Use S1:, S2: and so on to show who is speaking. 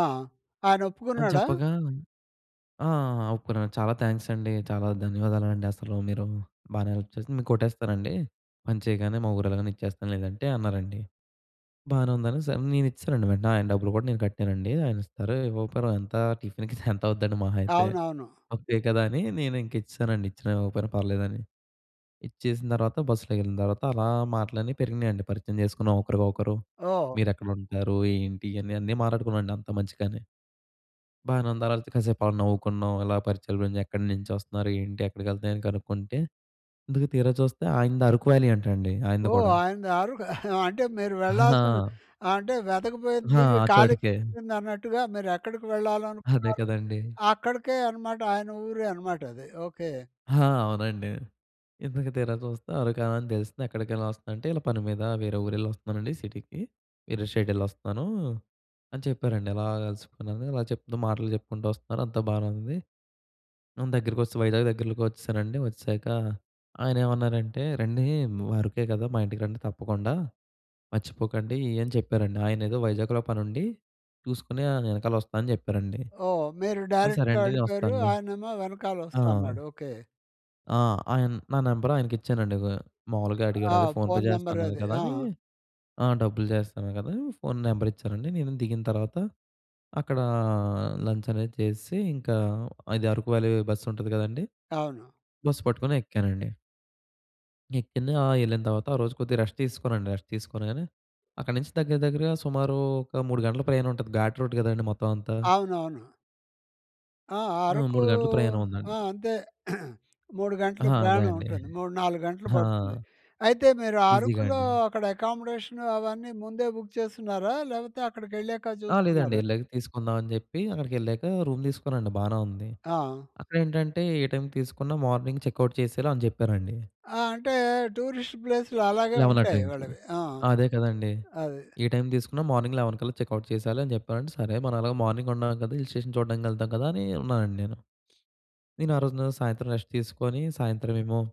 S1: ఆ!
S2: అని
S1: ఆయనొప్పుకున్నాడా?
S2: చెప్పగా ఆ! ఆ! ఒప్పుకున్నాను. "చాలా థ్యాంక్స్ అండి, చాలా ధన్యవాదాలండి. అసలు మీరు బానే హెల్ప్ చేసారు. మీకు కొట్టేస్తానండి, పని చేయగానే, మా ఊరెల్లగానే ఇచ్చేస్తాను లేదంటే" అన్నారండి. బానే ఉందనేసి, నేనిచ్చేసానండి వెంటనే. ఆయన డబ్బులు కూడా నేను కట్టానండి. ఆయనిస్తారు, ఇవ్వకపోయిన ఎంత టిఫిన్‌కి ఎంత అవుద్దండి, మహాయితే
S1: అవునవును.
S2: ముప్పయే కదా! అని నేనింకా ఇచ్చేసానండి. ఇచ్చిన ఇవ్వకపోయినా పర్లేదని. ఇచ్చేసిన తర్వాత బస్సులో వెళ్ళిన తర్వాత, అలా మాటలన్నీ పెరిగినాయండి. పరిచయం చేసుకున్నాం ఒకరికి ఒకరు.
S1: ఓహ్!
S2: "మీరెక్కడ ఉంటారు? ఏంటి?" అని అన్నీ మాట్లాడుకున్నాండి అంత మంచిగానే. బానే ఉంది, ఆ తర్వాత కాసేపు నవ్వుకున్నాం. ఇలా పరిచయాలు పెంచ్ "ఎక్కడ నుంచొస్తున్నారు? ఏంటి? ఎక్కడికి వెళ్తారు?" అని కనుక్కుంటే, ఇంతకు తీరాచూస్తే ఆయనది అరకు వ్యాలీ అంట అండి, ఆయనది
S1: ఓహ్!
S2: కూడా.
S1: ఆయనది ఆ రూటా? అంటే మీరు వెళ్ళాల్సిన
S2: హా!
S1: ఆహ్, అంటే వెతక పోయిన
S2: హా!
S1: తీగ
S2: ఆ
S1: కాలికి
S2: చోటకే.
S1: తగిలిందన్నట్టుగా, మీరెక్కడికి
S2: అదే
S1: వెళ్ళాలనుకున్నారో
S2: కదండీ!
S1: అక్కడికే అన్నమాట, ఆయన ఊరే అన్నమాట అది. ఓకే.
S2: హా! అవునండి. ఇంతకు తీరాచూస్తే అరకు వ్యాలీ అని తెలిసింది. ఎక్కడికెళ్ళి వస్తుందంటే "ఇలా పని మీద వేరే ఊరెళ్లి వస్తున్నానండి, సిటీకి. వేరే స్టేట్ వెళ్లొస్తూన్నాను" అని చెప్పారండి. ఇలా కలుసుకున్నాను ఇలా చెప్తూ మాటలు చెప్పుకుంటూ వస్తున్నారు. అంతా బానే ఉంది. దగ్గరకి వచ్చేశాం, వైజాగ్ దగ్గర‌లోకి వచ్చేసానండి. వచ్చేసాక ఆయనేమన్నారంటే, "రండీ ము అరకే కదా! మా ఇంటికి రండి తప్పకుండా. మర్చిపోకండి" అని చెప్పారండి. ఆయనేదో వైజాగ్‌లో పని ఉండి చూసుకొని ఆయన వెనకాల వస్తానని చెప్పారండి.
S1: ఓహ్! మీరు
S2: "సరే
S1: డైరెక్ట్‌గా
S2: అండి. నేను
S1: వెళ్ళిపోయారు.
S2: వస్తానులే".
S1: ఆయనేమో వెనకాల
S2: ఆ!
S1: వస్తా అన్నాడు. ఓకే.
S2: ఆ! ఆయన నా నెంబర్ ఆయనకి ఇచ్చానండి. గొ మామూలుగా అడిగారు.
S1: ఆ!
S2: అదే ఫోన్ పే
S1: ఫోన్
S2: చేస్తా
S1: నంబర్
S2: అన్నారు
S1: అది.
S2: కదా!
S1: ఆ!
S2: అని. ఆ! డబ్బులు చేస్తా అన్నారు కదా! ఫోన్ నెంబర్ ఇచ్చానండి. నేను దిగిన తర్వాత, అక్కడ లంచ్ అనేది చేసేసి ఇంకా, అది అరకు వ్యాలీ బస్సు ఉంటది కదండీ!
S1: అవును.
S2: బస్ పట్టుకొని ఎక్కానండి. ఎక్కింది. ఆ! వెళ్ళిన తర్వాత ఆ రోజు కొద్దిగా రెస్ట్ తీసుకున్నానండి. రెస్ట్ తీసుకోగానే, అక్కడి నుంచి దగ్గర దగ్గరగా సుమారు ఒక 3 గంటల ప్రయాణం ఉంటది. ఘాట్ రోడ్ కదండీ! మొత్తం అంతా.
S1: అవునవును. ఆ!
S2: ఆ!
S1: అరకూ
S2: 3 గంటలు ప్రయాణం
S1: ఆ!
S2: ఉందండి.
S1: అంతే 3 గంటలు
S2: హా! అదే
S1: ప్రయాణం
S2: అండి.
S1: ఉంటుంది. 3, 4. గంటలు
S2: హా!
S1: పడుతుంది. అయితే, మీరు
S2: ఈజీగా
S1: అరకులో
S2: అండి.
S1: అక్కడ అకామడేషన్ అవన్నీ ముందే బుక్ చేసుకున్నారా? లేకపోతే అక్కడికెళ్ళాక
S2: ఆ! లేదండి.
S1: చూసుకున్నారా?
S2: వెళ్ళాక తీసుకుందాం అని జెప్పి, అక్కడికి వెళ్ళాక రూమ్ తీసుకున్నానండి, బానే ఉంది.
S1: ఆ!
S2: అక్కడేంటంటే ఏ టైమ్‌కి తీసుకున్న మార్నింగ్ చెక్‌ఔట్ చేసేయాలి అని చెప్పారండి.
S1: ఆ! అంటే, టూరిస్ట్ ప్లేస్‌లు అలాగే
S2: 11 ఆ
S1: ఉంటాయి,
S2: టైమ్‌కి.
S1: వాళ్ళవి. ఆ!
S2: అదే కదండీ!
S1: అది.
S2: ఏ టైమ్ తీసుకున్న మార్నింగ్ 11 కల్లా చెక్‌ఔట్ చేసేయాలి అని చెప్పారండి. "సరే. మనం అలాగే మార్నింగ్ ఉన్నాం కదా! హిల్ స్టేషన్ చూడడానికి వెళ్తాం కదా!" అని ఉన్నానండి నేను. నేను ఆ రోజున సాయంత్రం రెస్ట్ తీసుకొని సాయంత్రం ఏమో